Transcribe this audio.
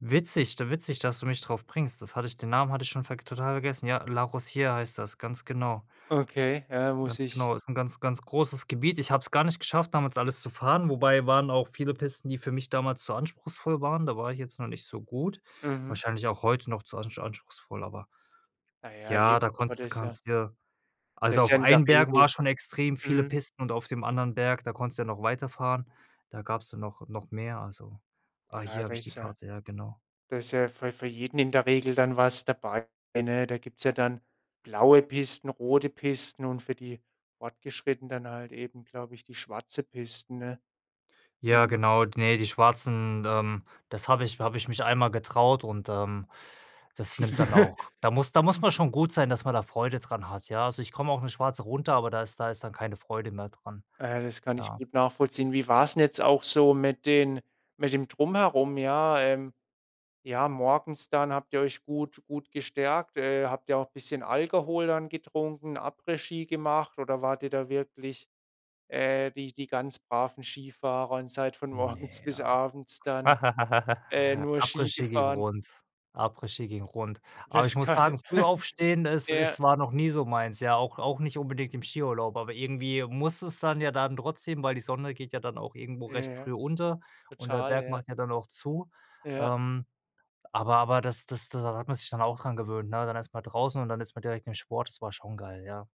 Witzig du witzig, dass du mich drauf bringst. Das hatte ich den Namen hatte ich schon verg total vergessen. Ja, La Rosière heißt das, ganz genau. Okay, ja, muss Ganz ich genau, ist 'n ganz, ganz großes Gebiet. Ich habe es gar nicht geschafft, damals alles zu fahren, wobei waren auch viele Pisten, die für mich damals zu anspruchsvoll waren. Da war ich jetzt noch nicht so gut. Mhm. Wahrscheinlich auch heute noch zu ansch anspruchsvoll, aber Naja, ja, eben. da Aber da konntest ist ja kannst dir Da also, ist ja auf in der einen Berg Regel war schon extrem viele mhm. Pisten und auf dem anderen Berg, da konntest du ja noch weiterfahren. Da gab's dann noch noch mehr, also ah, Ja, hier da habe ich die ist ja Karte, ja, genau. da ist ja für für jeden in der Regel dann was dabei, ne? Da gibt's ja dann blaue Pisten, rote Pisten und für die Fortgeschrittenen dann halt eben, glaube ich, die schwarze Pisten, ne? Ja, Mhm. genau, ne, die schwarzen, ähm, das habe ich habe ich mich einmal getraut und, ähm, das nimmt dann auch da muss da muss man schon gut sein, dass man da Freude dran hat, ja? Also, ich komme auch 'ne schwarze runter, aber da ist da ist dann keine Freude mehr dran, Äh, das kann ich ja. gut nachvollziehen. Wie war's 'n jetzt auch so mit den mit dem Drumherum? Ja, ähm ja morgens dann habt ihr euch gut gut gestärkt? Äh, habt ihr auch bisschen Alkohol dann getrunken, Après-Ski gemacht oder wart ihr da wirklich, äh, die die ganz braven Skifahrer und seid von morgens Ne, bis ja. abends dann, äh, nur Ski Après-Ski ging gefahren? rund Après-Ski ging rund. Aber ich Das muss kann, sagen, früh aufstehen, es ja. es war noch nie so meins, ja, auch auch nicht unbedingt im Skiurlaub, aber irgendwie musst du's dann ja dann trotzdem, weil die Sonne geht ja dann auch irgendwo Ja, recht ja. früh unter und der Total, Berg ja. macht ja dann auch zu. Ja. Ähm, aber aber das das da hat man sich dann auch dran gewöhnt, ne? Dann erst mal draußen und dann ist man direkt im Sport, das war schon geil, ja.